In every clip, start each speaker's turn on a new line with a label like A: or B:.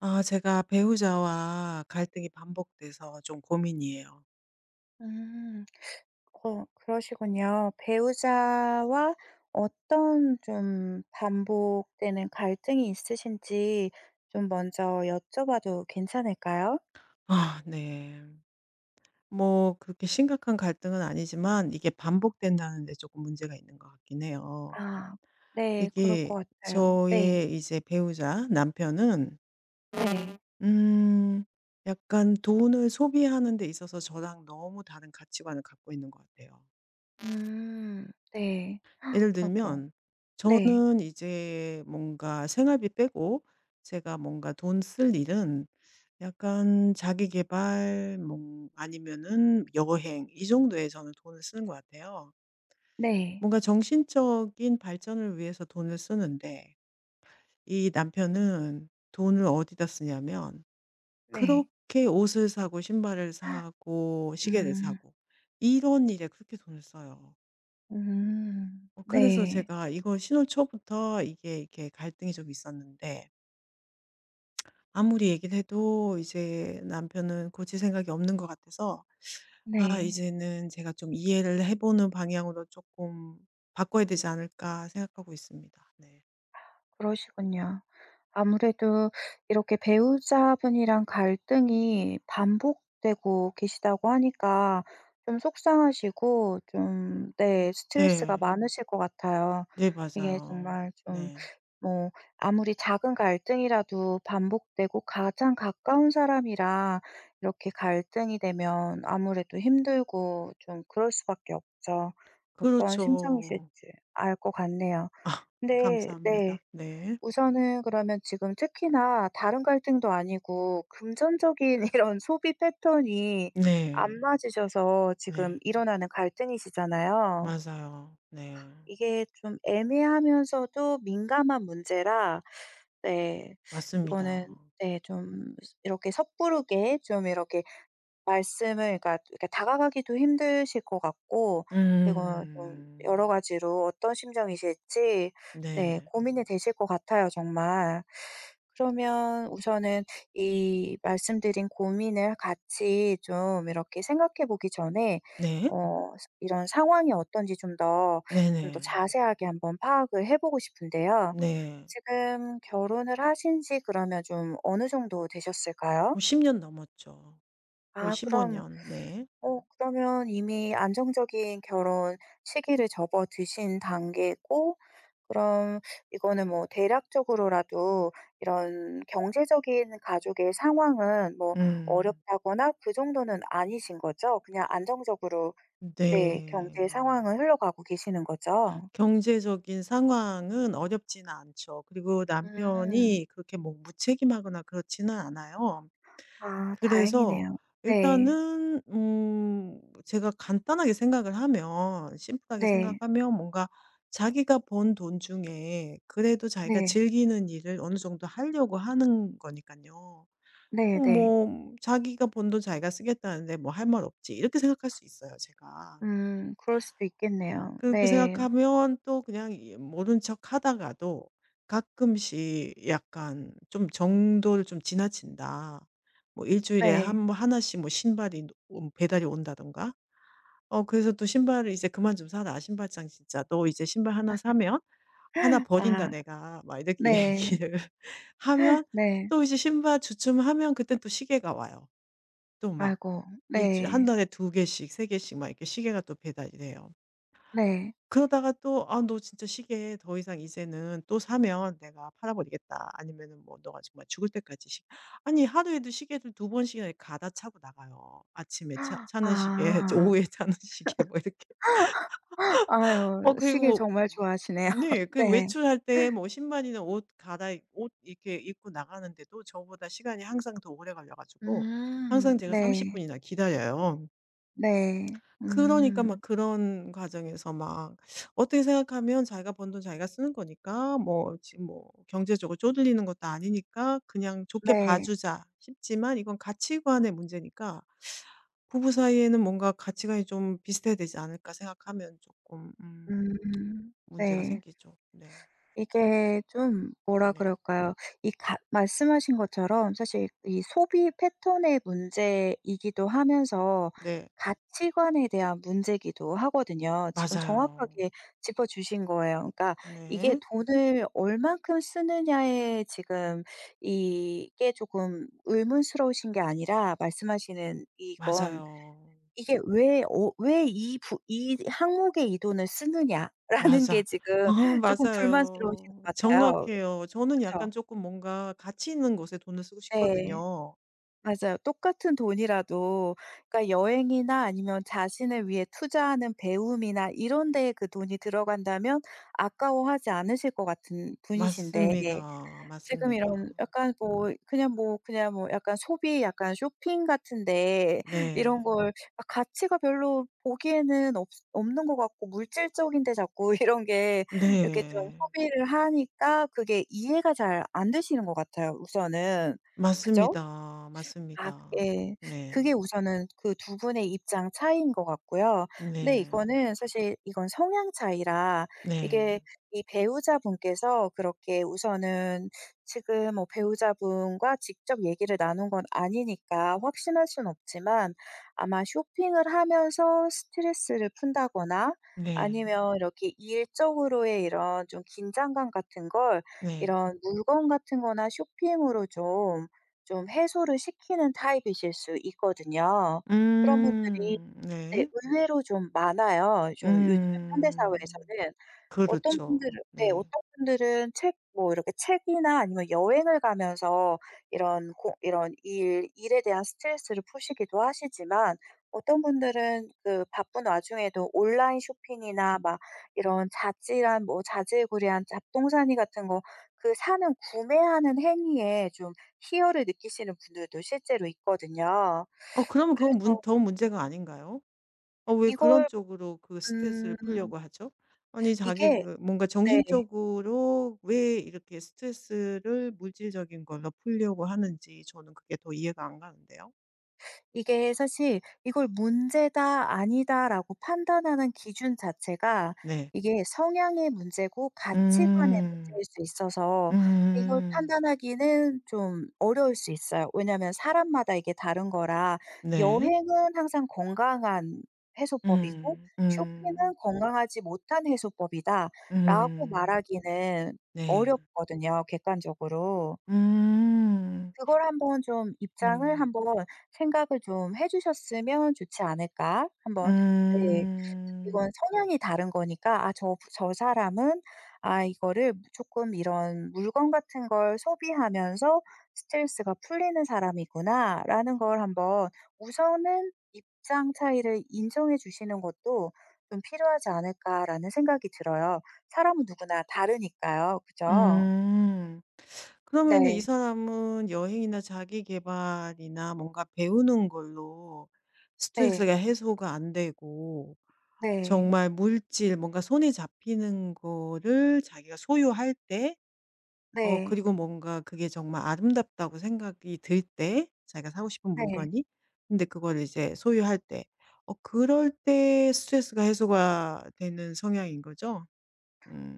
A: 아 제가 배우자와 갈등이 반복돼서 좀 고민이에요.
B: 음. 어 그러시군요. 배우자와 어떤 좀 반복되는 갈등이 있으신지 좀 먼저 여쭤봐도 괜찮을까요?
A: 아 네. 뭐 그렇게 심각한 갈등은 아니지만 이게 반복된다는 데 쪼금 문제가 있는 것 같긴 해요.
B: 아. 네, 그럴
A: 이게
B: 것 같아요. 네.
A: 저의 이제 배우자 남편은
B: 네.
A: 음 약간 돈을 소비하는 데 있어서 저랑 너무 다른 가치관을 갖고 있는 것 같아요.
B: 음. 네.
A: 예를
B: 아고.
A: 들면
B: 네.
A: 저는 이제 뭔가 생활비 빼고 제가 뭔가 돈 쓸 일은 약간 자기 계발 뭐 아니면은 여행 이 정도에 저는 돈을 쓰는 것 같아요.
B: 네.
A: 뭔가 정신적인 발전을 위해서 돈을 쓰는데 이 남편은 돈을 어디다 쓰냐면
B: 네.
A: 그렇게 옷을 사고 신발을 사고 시계를
B: 음.
A: 사고. 이런 일에 그렇게 돈을 써요.
B: 음.
A: 어 그래서
B: 네.
A: 제가 이거 신혼 초부터 이게 이렇게 갈등이 좀 있었는데 아무리 얘기를 해도 이제 남편은 고칠 생각이 없는 것 같아서 아
B: 네.
A: 이제는 제가 좀 '이해를 해 보는 방향으로 쪼끔 바꿔야 되지 않을까?' 생각하고 있습니다. 네.
B: 그러시군요. 아무래도 이렇게 배우자분이랑 갈등이 반복되고 계시다고 하니까 좀 속상하시고 좀
A: 음
B: 네 스트레스가
A: 네.
B: 많으실 것 같아요.
A: 네,
B: 이게
A: 맞아요.
B: 정말 좀
A: 네.
B: 뭐 아무리 작은 갈등이라도 반복되고 가장 가까운 사람이라 이렇게 갈등이 되면 아무래도 힘들고 좀 그럴 수밖에 없죠. 어떠한
A: 그렇죠.
B: 심정이실지 알 것 같네요.
A: 어.
B: 근데 네.
A: 감사합니다. 네.
B: 우선은 그러면 지금 특히나 다른 갈등도 아니고 금전적인 이런 소비 패턴이 안
A: 네.
B: 맞으셔서 지금
A: 네.
B: 일어나는 갈등이시잖아요.
A: 맞아요. 네.
B: 이게 좀 애매하면서도 민감한 문제라 네 이거는
A: 맞습니다.
B: 네 좀 스 이렇게 섣부르게 좀 이렇게 말씀을 그러니까 또 이렇게 다가가기도 힘드실 것 같고 그리고 좀 여러
A: 음.
B: 가지로 어떤 심정이실지 네,
A: 네.
B: 고민이 되실 것 같아요 정말. 그러면 우선은 이 말씀드린 고민을 같이 좀 이렇게 생각해 보기 전에
A: 네.
B: 어 그 이런 상황이 어떤지 좀 더, 좀 더
A: 네네.
B: 자세하게 한번 파악을 해 보고 싶은데요.
A: 네.
B: 지금 결혼을 하신지 그러면 좀 어느 정도 되셨을까요?
A: 뭐 10 년 넘었죠. 거의
B: 아
A: 15
B: 그럼
A: 년. 네.
B: 어 그러면 이미 안정적인 결혼 시기를 접어드신 단계고 그럼 이거는 뭐 대략적으로라도 이런 경제적인 가족의 상황은 뭐
A: 음.
B: 어렵다거나 그 정도는 아니신 거죠? 그냥 안정적으로
A: 음
B: 네 경제
A: 네.
B: 상황은 흘러가고 계시는 거죠?
A: 경제적인 상황은 어렵진 않죠. 그리고
B: 음.
A: 남편이 그렇게 뭐 무책임하거나 그렇지는 않아요.
B: 아
A: 그래서
B: 다행이네요. 네.
A: 일단은 음 제가 간단하게 생각을 하면 심플하게
B: 네.
A: 생각하면 뭔가 자기가 번 돈 중에 그래도 자기가
B: 네.
A: 즐기는 일을 어느 정도 하려고 하는 거니깐요. 어
B: 네 네.
A: 뭐 '자기가 번 돈 자기가 쓰겠다는데 뭐 할 말 없지.' 이렇게 생각할 수 있어요 제가.
B: 음. 그럴 수도 있겠네요.
A: 그렇게
B: 네.
A: 생각하면 또 그냥 이 모른 척 하다가도 가끔씩 약간 좀 '정도를 좀 지나친다.' 뭐 1 주일에 한
B: 네.
A: 뭐 1 씩 뭐 신발이 노 온 배달이 온다던가. 어 그래서 또 "신발을 이제 그만 좀 사라, 신발장 진짜. 너 이제 신발 1 사면 1 버린다
B: 아.
A: 내가." 막 이렇게
B: 네.
A: 얘기를 하면
B: 네.
A: 또 이제 신발 주춤하면 그땐 또 시계가 와요. 또 막
B: 아이고.
A: 1 주일 1
B: 네.
A: 달에 2 개씩 3 개씩 막 이렇게 시계가 또 배달이 돼요.
B: 네.
A: 그러다가 또 "아 너 진짜 시계 더 이상 이제는 또 사면 내가 팔아 버리겠다." 아니면은 뭐 "너가 정말 죽을 때까지 시" 아니 하루에도 시계를 2 번씩이나 이 갈아 차고 나가요. 아침에 차 차는 시계 저
B: 아.
A: 오후에 차는 시계 뭐 이렇게. 어
B: 아유,
A: 그리고
B: 시계
A: 뭐
B: 정말 좋아하시네요.
A: 네. 그리고
B: 네.
A: 외출할 때 뭐 신발이나 옷 갈아입 옷 이렇게 입고 나가는데도 저보다 시간이 항상 더 오래 걸려 가지고
B: 음.
A: 항상 제가 30
B: 네.
A: 분이나 기다려요.
B: 네.
A: 그러니까 막
B: 음.
A: 그런 과정에서 막 어떻게 생각하면 '자기가 번 돈 자기가 쓰는 거니까 뭐 지금 뭐 경제적으로 쪼들리는 것도 아니니까 그냥 좋게 봐
B: 네.
A: 주자.' 싶지만 이건 가치관의 문제니까. '부부 사이에는 뭔가 가치관이 좀 비슷해야 되지 않을까?' 생각하면 쪼끔 음
B: 음.
A: 문제가
B: 네.
A: 생기죠. 네.
B: 이게 좀 뭐라
A: 네.
B: 그럴까요? 이 가 말씀하신 것처럼 사실 이 소비 패턴의 문제이기도 하면서
A: 네.
B: 가치관에 대한 문제기도 하거든요. 지금
A: 맞아요.
B: 정확하게 짚어주신 거예요. 그러니까 이게
A: 네.
B: 돈을 얼마큼 쓰느냐에 지금 이게 쪼끔 의문스러우신 게 아니라 말씀하시는 이건,
A: 맞아요.
B: 이게 왜 어 왜 이 부 이 항목에 이 돈을 쓰느냐 라는 게
A: 맞아.
B: 지금
A: 어
B: 쪼끔 불만스러우신
A: 맞아요.
B: 것 같아요.
A: 정확해요. 저는 약간
B: 그쵸?
A: 쪼끔 뭔가 가치 있는 곳에 돈을 쓰고
B: 네.
A: 싶거든요.
B: 맞아요. 똑같은 돈이라도 그러니까 여행이나 아니면 자신을 위해 투자하는 배움이나 이런 데에 그 돈이 들어간다면 아까워하지 않으실 것 같은 분이신데 예
A: 맞습니다.
B: 지금
A: 맞습니다.
B: 이런 약간 뭐 그냥 뭐, 그냥 뭐 약간 소비 약간 쇼핑 같은 데 이런
A: 네.
B: 걸 막 가치가 별로 보기에는 없스 없는 것 같고 물질적인 데 자꾸 이런 게 이렇게 좀
A: 네.
B: 소비를 하니까 그게 이해가 잘 안되시는 것 같아요 우선은. 그죠?
A: 맞습니다.
B: 아
A: 맞습니다.
B: 예. 그게
A: 네.
B: 우선은 그 두 분의 입장 차이인 것 같고요. 근데
A: 네.
B: 이거는 사실 이건 성향 차이라
A: 네.
B: 이게 이 배우자분께서 그렇게 우선은 지금 뭐 배우자분과 직접 얘기를 나눈 건 아니니까 확신할 순 없지만 아마 쇼핑을 하면서 스트레스를 푼다거나
A: 네.
B: 아니면 이렇게 일적으로의 이런 좀 긴장감 같은 걸
A: 네.
B: 이런 물건 같은 거나 쇼핑으로 좀, 좀 해소를 시키는 타입이실 수 있거든요. 그런 분들이
A: 음.
B: 네
A: 네.
B: 의외로 좀 많아요 좀 요즘
A: 음.
B: 현대사회에서는. 어떤 분들으
A: 그렇죠.
B: 네,
A: 네.
B: 어떤 분들은 책 뭐 이렇게 책이나 아니면 여행을 가면서 이런 고 이런 일 일에 대한 스트레스를 푸시기도 하시지만 어떤 분들은 그 바쁜 와중에도 온라인 쇼핑이나 막 이런 자질한 뭐 자질구레한 잡동사니 같은 거 그 사는, 구매하는 행위에 좀 희열을 느끼시는 분들도 실제로 있거든요.
A: 어 그러면 그건 문
B: 그래서
A: 더 문제가 아닌가요? 어 왜 그런
B: 이걸
A: 쪽으로 그
B: 음.
A: 스트레스를 풀려고 하죠? 아니 자기
B: 이게
A: 그 뭔가
B: 네.
A: 정신적으로 왜 이렇게 스트레스를 물질적인 걸로 풀려고 하는지 저는 그게 더 이해가 안 가는데요.
B: 이게 사실 이걸 문제다, 아니다 라고 판단하는 기준 자체가
A: 네.
B: 이게 성향의 문제고 가치관의
A: 음.
B: 문제일 수 있어서 이걸
A: 음.
B: 판단하기는 좀 어려울 수 있어요. 왜냐하면 사람마다 이게 다른 거라
A: 네.
B: "여행은 항상 건강한 해소법이고,
A: 음.
B: 쇼핑은
A: 음.
B: 건강하지 못한 해소법이다." 라고
A: 음.
B: 말하기는
A: 네.
B: 어렵거든요. 객관적으로.
A: 음.
B: 그걸 한번 좀 입장을
A: 음.
B: 한번 생각을 좀 해주셨으면 좋지 않을까, 한번. 네,
A: 음.
B: 이건 성향이 다른 거니까 아 저 '저 사람은 아 이거를 쪼끔 이런 물건 같은 걸 소비하면서 스트레스가 풀리는 사람이구나.'라는 걸 한번 우선은 입장 차이를 인정해 주시는 것도 좀 필요하지 않을까 라는 생각이 들어요. 사람은 누구나 다르니까요. 그죠?
A: 음. 그러면은 이
B: 네.
A: 사람은 여행이나 자기계발이나 뭔가 배우는 걸로
B: 네.
A: 스트레스가 해소가 안되고
B: 네.
A: 정말 물질 뭔가 손에 잡히는 거를 자기가 소유할 때 어
B: 네.
A: 그리고 뭔가 그게 정말 아름답다고 생각이 들 때 자기가 사고 싶은
B: 네.
A: 물건이 근데 그거를 이제 소유할 때. 어 그럴 때 스트레스가 해소가 되는 성향인거죠?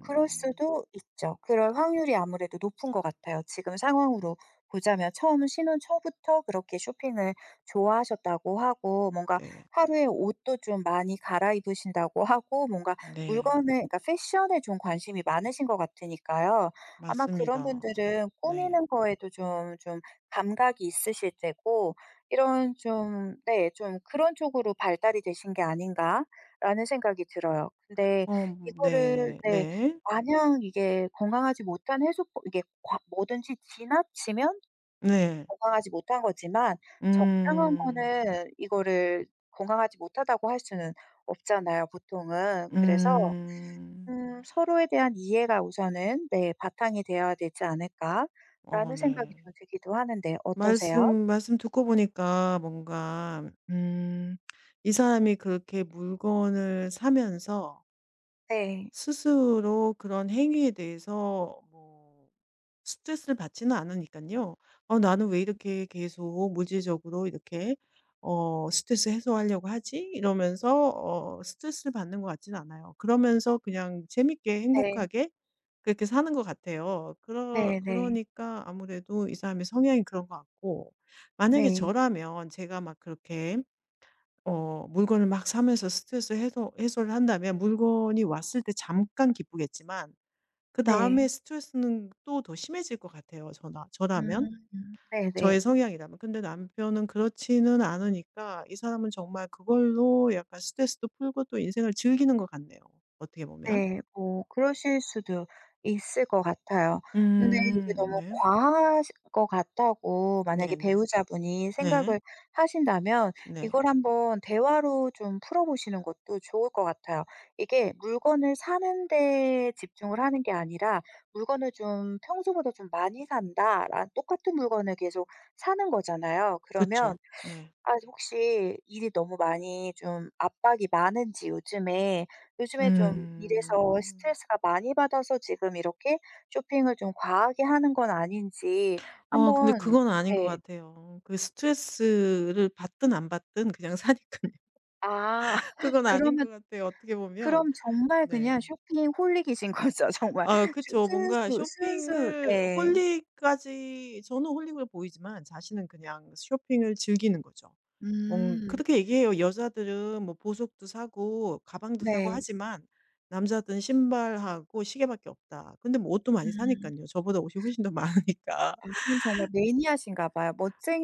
B: 그럴 수도 있죠. 그럴 확률이 아무래도 높은 것 같아요. 지금 상황으로 보자면 처음 신혼 초부터 그렇게 쇼핑을 좋아하셨다고 하고 뭔가
A: 네.
B: 하루에 옷도 좀 많이 갈아입으신다고 하고 뭔가
A: 네.
B: 물건을 그니까 패션 에 좀 관심이 많으신 것 같으니까요. 아마 그런
A: 맞습니다.
B: 분들은
A: 네.
B: 꾸미는 거에도 좀 좀 감각이 있으실 테고 이런 좀 네, 좀 그런 쪽으로 발달이 되신 게 아닌가 라는 생각이 들어요. 근데
A: 어
B: 이거를
A: 네.
B: 네,
A: 네.
B: 마냥 이게 건강하지 못한 해소법 이게 과 뭐든지 지나치면
A: 네.
B: 건강하지 못한 거지만 적당한
A: 음.
B: 거는 이거를 건강하지 못하다고 할 수는 없잖아요 보통은. 그래서
A: 음.
B: 음 서로에 대한 이해가 우선은 네. 바탕이 돼야 되지 않을까
A: 어,
B: 라는 생각이
A: 네.
B: 좀 들기도 하는데 어떠세요?
A: 말씀 말씀 듣고 보니까 뭔가 음 이 사람이 그렇게 물건을 사면서
B: 네.
A: 스스로 그런 행위에 대해서 뭐 스트레스를 받지는 않으니깐요. '어 나는 왜 이렇게 계속 물질적으로 이렇게 어 스트레스 해소하려고 하지?' 이러면서 어 스트레스를 받는 것 같진 않아요. 그러면서 그냥 재밌게
B: 네.
A: 행복하게 그렇게 사는 거 같아요. 그러
B: 네네.
A: 그러니까 아무래도 이 사람의 성향이 그런 것 같고 만약에
B: 네.
A: 저라면 제가 막 그렇게 어 물건을 막 사면서 스트레스 해소 해소를 한다면 물건이 왔을 때 잠깐 기쁘겠지만 그다음에
B: 네.
A: 스트레스는 또 더 심해질 것 같아요 저라 저라면
B: 음 네네.
A: 저의 성향이라면. 근데 남편은 그렇지는 않으니까 이 사람은 정말 그걸로 약간 스트레스도 풀고 또 인생을 즐기는 것 같네요. 어떻게 보면.
B: 네. 뭐 그러실 수도 있을 것 같아요. 근데 이게
A: 음.
B: 너무
A: 네.
B: 과하실 것 같다고 만약에
A: 네네.
B: 배우자분이
A: 네.
B: 생각을 하신다면
A: 네.
B: 이걸 한번 대화로 좀 풀어보시는 것도 좋을 것 같아요. 이게 물건을 사는 데 집중을 하는 게 아니라 물건을 좀 평소보다 좀 많이 산다. 라 똑같은 물건을 계속 사는 거잖아요.
A: 그쵸.
B: 그러면
A: 네.
B: 아 혹시 일이 너무 많이 좀 압박이 많은지 요즘에 요즘에 좀 일에서
A: 음.
B: 스트레스가 많이 받아서 지금 이렇게 쇼핑을 좀 과하게 하는 건 아닌지
A: 아, 근데
B: 한번
A: 그거는 아닌 것
B: 네.
A: 같아요. 그 스트레스를 받든 안 받든 그냥 사니깐요.
B: 아
A: 그건 아닌 거
B: 그러면
A: 같아요. 어떻게 보면.
B: 그럼 정말 그냥
A: 네.
B: 쇼핑 홀릭이신거죠 정말.
A: 아 그쵸. 뭔가
B: 순수 순수
A: 쇼핑을
B: 네.
A: 홀릭까지 저는 홀릭으로 보이지만 자신은 그냥 쇼핑을 즐기는 거죠. 뭐
B: 음.
A: 그렇게 얘기해요. "여자들은 뭐 보석도 사고 가방도 사고
B: 네.
A: 하지만 남자들은 신발하고 시계밖에 없다." 근데 뭐 옷도 많이
B: 음.
A: 사니깐요. 저보다 옷이 훨씬 더 많으니까.
B: 어 정말 매니아신가 봐요.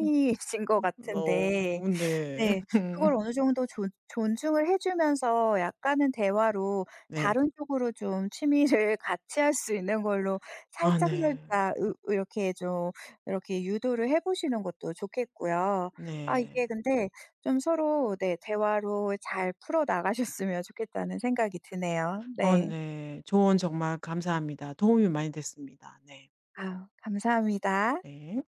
A: 음.
B: 것
A: 음
B: 같은데
A: 어 네.
B: 네, 그걸 어느 정도 존 존중을 해주면서 약간은 대화로
A: 네.
B: 다른 쪽으로 좀 취미를 같이 할 수 있는 걸로
A: 아 네.
B: 살짝살짝 으 이렇게 좀 이렇게 유도를 해보시는 것도 좋겠고요. 아
A: 네.
B: 이게 근데 좀 서로 네, 대화로 잘 풀어 나가셨으면 좋겠다는 생각이 드네요.
A: 어
B: 네.
A: 네, 조언 정말 감사합니다. 도움이 많이 됐습니다. 네.
B: 아우 감사합니다.
A: 네.